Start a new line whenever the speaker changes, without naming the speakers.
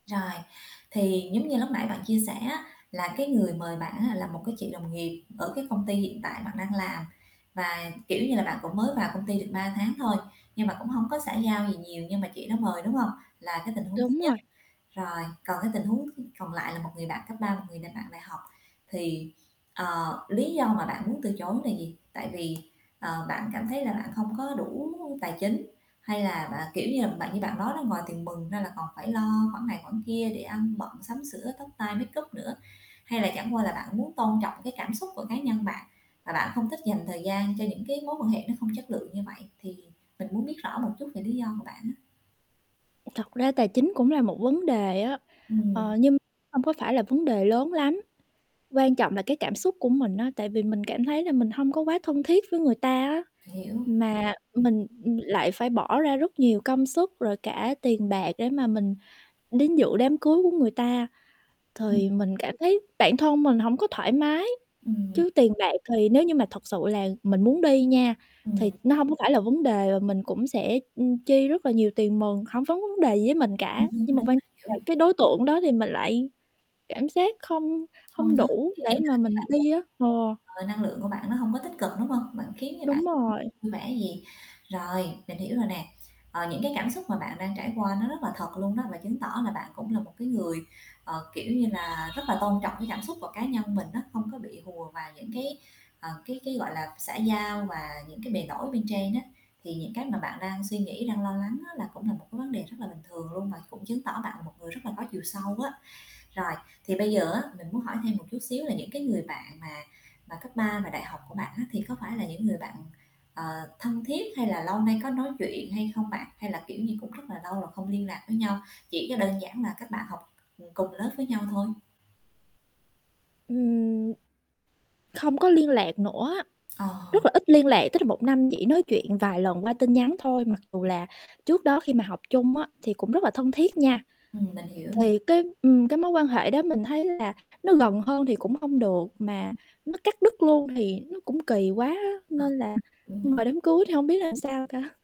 Rồi thì giống như lúc nãy bạn chia sẻ á, là, cái, người mời bạn á, là một, cái, chị đồng nghiệp ở, cái, công ty hiện tại bạn đang làm và, kiểu như, là bạn cũng mới vào công ty được 3 tháng thôi nhưng mà cũng hông có xã giao gì nhiều, nhưng mà chị đó mời, đúng hông? Là cái tình huống thứ
Đúng
nhất.
rồi.
Rồi còn, cái, tình huống th còn lại là một người bạn cấp 3, một người nà bạn đại học thì, ờ, lý do mà bạn muốn từ chối nà gì? Tại vì, ờ, bạn cảm thấy là bạn không có đủ tài chính hay là bạn kiểu như, là bạn như bạn nói đó, ngoài tiền mừng ra là còn phải lo khoản này khoản kia để ăn bận, sắm sửa, tóc, tai, makeup nữa? Hay là chẳng qua là bạn muốn tôn trọng cái cảm xúc của cá nhân bạn và bạn không thích dành thời gian cho những cái mối quan hệ nó không chất lượng như vậy. Thì mình muốn biết rõ một chút về lý do của bạn á.
Thật ra tài chính cũng là một vấn đề á, ờ,
Ừm.
nhưng hông có phải là vấn đề lớn lắm. Quan trọng là cái cảm xúc của mình á, tại vì mình cảm thấy là mình hông có quá thân thiết với người ta á,
Hiểu.
mà
Ừm.
mình lại phải bỏ ra rất nhiều công sức rồi cả tiền bạc để mà mình đến dự đám cưới của người ta.
Ừm.
Thì mình cảm thấy bản thân mình hổng có thoải mái.
Ừm.
Chứ tiền bạc thì nếu như mà thật sự là mình muốn đi nha,
Ừm.
thì nó hông có phải là vấn đề và mình cũng sẽ, ưm, chi rất là nhiều tiền mừng, hổng vấn vấn đề gì với mình cả,
Đúng,
nhưng
đúng,
mà
đúng,
quan
kiểu
là cái đối tượng đó thì mình lại cảm giác không hông
Hông có.
đủ
Kiều
để
vậy,.
mà mình đi á. Ờ.
[unintelligible] Ờ, năng lượng của bạn nó hông có tích cực đúng hông? Bạn khiến cho bạn
Đúng rồi.
[unintelligible] vui vẻ gì. Rồi, mình hiểu rồi nè, ờ, những, cái, cảm xúc mà bạn đang trải qua nó rất là thật luôn đó và chứng tỏ là bạn cũng là một cái người, ờ, kiểu như, là rất là tôn trọng cái cảm xúc của cá nhân mình á, không có bị hùa vào những cái, ờ, cái cái, gọi là, xã giao và những cái bề nổi bên trên á. Thì những, cái, mà bạn đang suy nghĩ, đang lo lắng á là cũng là một cái vấn đề rất là bình thường luôn và cũng chứng tỏ bạn một người rất là có chiều sâu á. Rồi, thì bây giờ á mình muốn hỏi thêm một chút xíu là những cái người bạn mà mà cấp 3 và đại học của bạn á thì có phải là những người bạn, ờ, thân thiết hay là lâu nay có nói chuyện hay không bạn? Hay là, kiểu như, cũng rất là lâu rồi không liên lạc với nhau, chỉ cho đơn giản là các bạn học ừm, cùng lớp với nhau thôi.
Ừm, không có liên lạc nữa,
Ờ.
rất là ít liên lạc, tức là 1 năm chỉ nói chuyện vài lần qua tin nhắn thôi mặc dù
Ừm.
là trước đó khi mà học chung á thì cũng rất là thân thiết nha.
Ừm, mình hiểu, mình
Thì cái, ừm, cái mối quan hệ đó mình thấy là nó gần hơn thì cũng không được mà nó cắt đứt luôn thì nó cũng kỳ quá á
Ờ,
nên là
ưm,
nhưng
mình
mà đám cưới thì hông biết làm sao cả.